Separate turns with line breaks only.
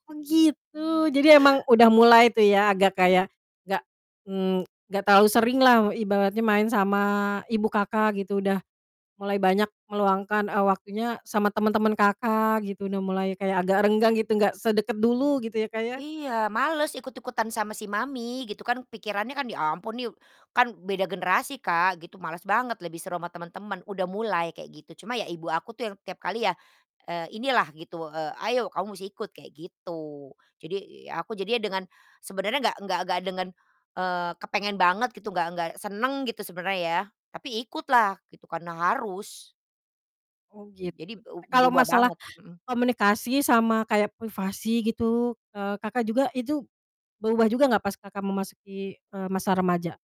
Oh gitu, jadi emang udah mulai tuh ya agak kayak, enggak mmm, enggak terlalu sering lah ibaratnya main sama ibu Kakak gitu. Udah, mulai banyak meluangkan, eee, waktunya sama teman-teman Kakak gitu. Udah mulai kayak agak renggang gitu, nggak sedekat dulu, gitu ya, Kak, ya.
Iya, males, ikut-ikutan sama si mami gitu kan, pikirannya kan, ya ampun kan beda generasi Kak, gitu males banget, lebih seru sama teman-teman, udah mulai kayak gitu. Cuma ya ibu aku tuh yang tiap kali ya, eee, inilah gitu, eee, "Ayo kamu musti ikut," kayak gitu. Jadi ya aku jadinya dengan sebenarnya nggak nggak dengan, eee, kepengen banget gitu, nggak nggak senang gitu sebenarnya ya, tapi ikut lah gitu, karena harus.
Oh
Jadi,
gitu, e
beu
kalau
berubah
masalah
banget, mhm.
komunikasi sama kayak privasi gitu, eee, Kakak juga itu, berubah juga nggak pas Kakak memasuki, eee, masa remaja?